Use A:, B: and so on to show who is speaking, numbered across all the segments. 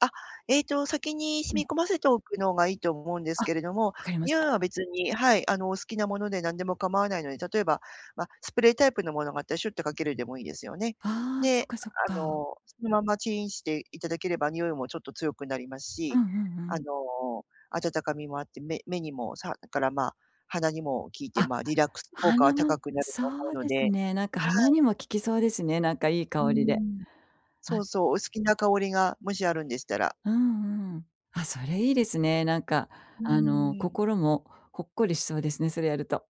A: あ、えっと、先に
B: う
A: 染
B: ん。
A: み込ませておくのがいいと思うんです
B: あ、
A: けれども、
B: 分かりまし
A: 匂い
B: た。
A: は別にはい、あの、お好きなもので何でも構わないので、例えば、ま、スプレータイプのものがあったらシュっとかけるでもいいですよね。
B: ああ、そ
A: で、
B: か、そっ
A: あ
B: か。
A: の、そのままチンしていただければ匂いもちょっと強くなります
B: う
A: し、
B: んうんう
A: あ
B: ん。
A: の、温かみもあって、目目にもさだから、ま、鼻にも効いて、
B: あ、
A: ま、リラックス効果は
B: 鼻も、
A: 高くなる
B: そ
A: と思う
B: う
A: の
B: で
A: で
B: すね、なんか
A: は
B: 鼻
A: い。
B: にも効きそうですね、なんかいい
A: うー
B: 香りで。
A: ん、そ
B: あ
A: うそう、お好きな香りが、もしあるんでしたら。
B: うんうん。あ、それいいですね。なんか、
A: う
B: あの、
A: ーん。
B: 心もほっこりしそうですね、それやると。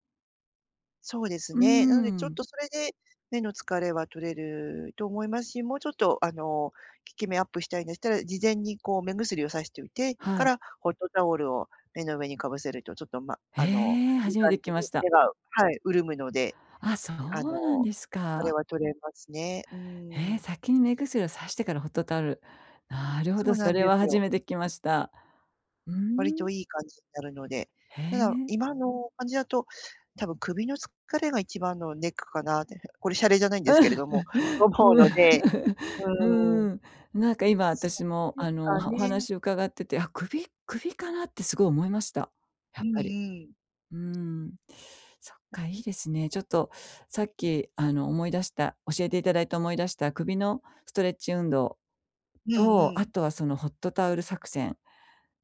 A: そうです
B: うー
A: ね、なので、ちょっ
B: ん。
A: とそれで目の疲れは取れると思いますし、もうちょっと、あの、効き目アップしたいんでしたら、事前にこう目薬をさしといて
B: は
A: か
B: い。
A: ら、ホットタオルを、目の上にかぶせるとちょっと、ま、
B: へ
A: あの、
B: え、
A: いい
B: 初め
A: 感
B: て聞
A: じ
B: きま
A: に
B: した。
A: 目がはい、潤むので、
B: あ、そ
A: あ
B: うなん
A: の、
B: です
A: 疲れ
B: か。
A: は取れますね、う
B: え、
A: ーん。
B: 先に目薬を差してからホットタオル。なるほ
A: そ
B: ど、
A: うな
B: そ
A: ん
B: れ
A: で
B: は
A: す
B: 初
A: よ。
B: めて聞きました。うー
A: 割と
B: ん。
A: いい感じになるので、
B: へ
A: ただ、
B: え。
A: 今の感じだと多分、首の疲れが一番のネックかなって。これ洒落じゃないんですけれども、と 思うのでうーん。
B: うーん、なんか今、
A: そ
B: 私
A: こ
B: も
A: で
B: あの、お
A: か
B: はお
A: ね。
B: 話を伺ってて、あ、首？首かなってすごい思いました、や
A: う
B: っ
A: んう
B: ぱり。
A: ん。
B: うーん。そっか、いいですね。ちょっと、さっき、あの、思い出した、教えていただいた、思い出した、首のストレッチ運動
A: うん
B: と、
A: う
B: あ
A: ん。
B: とはそのホットタオル作戦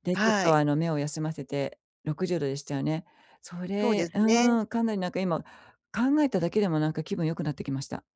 B: で、ちょっ
A: は
B: と、
A: い。
B: あの、目を休ませて、60度でしたよね？そ
A: そうで
B: れ
A: すね。
B: うーん、かなりなんか今、考えただけでもなんか気分良くなってきました。